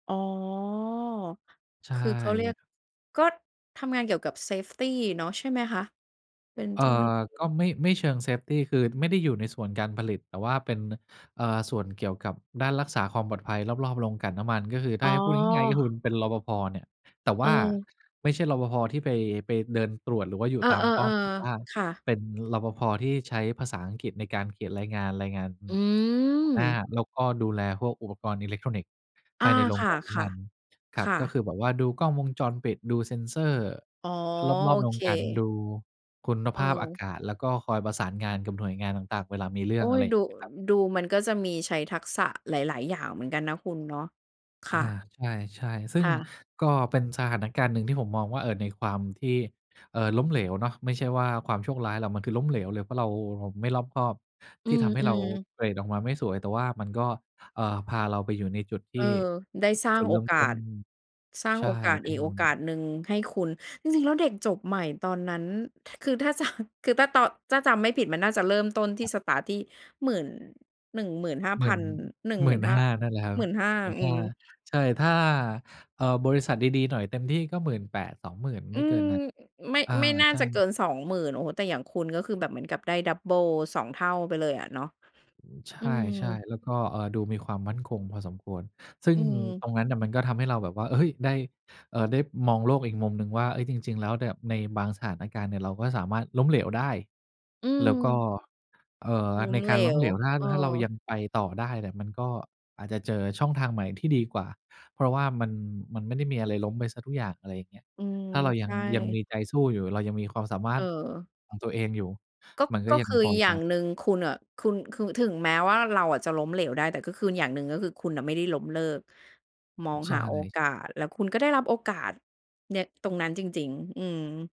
อ๋อ ใชค่ ือเขาเรียก ก็ทำงานเกี่ยวกับ เซฟตี เนาะ ใช่ไหมคะ? เป็นเอ่เจ้าหน้าทอ ีก็่ ไม่ ไม่เชิง เซฟตี คือไม่ได้อยู่ในส่วนการผลิต แต่ว่าเป็น เอ่อ ส่วนเกี่ยวกับด้านรักษาความปลอดภัยรอบ ๆ โรงกลั่นน้ำมัน ก็คือถอ้๋าอ ให้พูดง่าย ๆ งี้คุณ เป็น รปภ. เนี่ย แต่ว่า เออ ไม่ใช่ รปภ. ที่ไป ไปเดินตรวจหรือว่าอยู่เอตามป้ออ ม แต่ว่าๆ ๆ ค่ะ เป็น รปภ. ที่ใช้ภาษาอังกฤษในการเขียนรายงาน รายงาน อหัวหน้า ืม แล้วก็ดูแลพวกอุปกรณ์อิเล็กทรอนิกส์ อภา ายในโรคง่กะ ลั่นน้ำมัน ครๆ ัคบ ่ก็คะ ือแบบว่าดูกล้องวงจรปิด ดู Sensor อ๋อ รโออบ ๆ โรเค งกลั่น ดูคุณเภาพอาออ กาศ แล้วก็คอยประสานงานกับหน่วยงานต่าง ๆ เวลามีเรื่โออง ๊อะย ไรอย่ดางู เงี้ยครับ ดูมันก็จะมีใช้ทักษะหลาย ๆ อย่างเหมือนกันนะคุณเนาะ คอา ่ะ ใช่ ๆ ซึ่คง่ะ ก็เป็นสถานการณ์หนึ่งที่ผมมองว่า เอ่อ ในความที่ เอ่อ ล้มเหลวเนาะ ไม่ใช่ว่าความโชคร้ายหรอก มันคือล้มเหลวเลย เพราะเราไม่รอบคอบ อืที่ทำให้เราม ๆ เกรดออกมาไม่สวย แต่ว่ามันก็ เอ่อ พาเราไปอยู่ในจุดทเอี่ อ ได้สร้าจงุดเโรอิ่มกาต้น ส สร้างใชโ่ อกาสเปอ็ีน กโอกาสหนึ่งให้คุณ จริง ๆ แล้วเด็กจบใหม่ตอนนั้น ถ คือถ้า จะ คือถ้าตอน ถ้าจำไม่ผิดมันน่าจะเริ่มต้นทคี่ รับ สตาร์ต ที่หมื่น หนึ่งหมื่นห้าหมพื่ัน น หนึ่งหหมมืื่่นนห้า ห้า นั่นแหละครับ 15,000 หมื่นอืห้า ม ใช่ ถ้า เอ่อ บริษัทดี ๆ หน่อยเต็มที่ ก็ 18,000 20,000 อไืม่เกิม นนั้น อ ไม่ อา ไม่น่าใช่ จะเกิน 20,000 โอ้โฮ แต่อย่างคุณก็คือแบบเหมือนกับได้ดับเบิล 2 เท่าไปเลยอะเนาะ ใชอืม ่ ๆ แล้วก็ เอ่อ ดูมีความมั่นคงพอสมควร ซึ่องืม ตรงนั้นอะ มันก็ทำให้เราแบบว่า เฮ้ย ได้ เออ ได้มองโลกอีกมุมหนึ่งว่า เอ๊ย จริง ๆ แล้วเนี่ย ในบางสถานการณ์เนี่ย เราก็สามารถล้มเหลวได้ อืแล้วก็ ม เอ่อ ล้ใมนเกหลารล้มว เหลว ถ้า เออ ถ้าเรายังไปต่อได้เนี่ย มันก็อาจจะเจอช่องทางใหม่ที่ดีกว่า เพราะว่ามัน มันไม่ได้มีอะไรล้มไปเสียทุกอย่าง อะไรอย่างเงี้ย อืม ถ้าเรายใชัง ่ ยังมีใจสู้อยู่ เรายังมีความสามาเรถออ ของตัวเองอยู่ ก็ มันก็ก็ยัคงือพออยจ่างะ หนึ่งคุณอะ คุณ คุณ คือถึงแม้ว่าเราอะจะล้มเหลวได้ แต่ก็คืออย่างหนึ่งก็คือคุณไม่ได้ล้มเลิก มองใชหาโอ่ กาส แล้วคุณก็ได้รับโอกาสเนี้ยตรงนั้นจริง ๆ อืม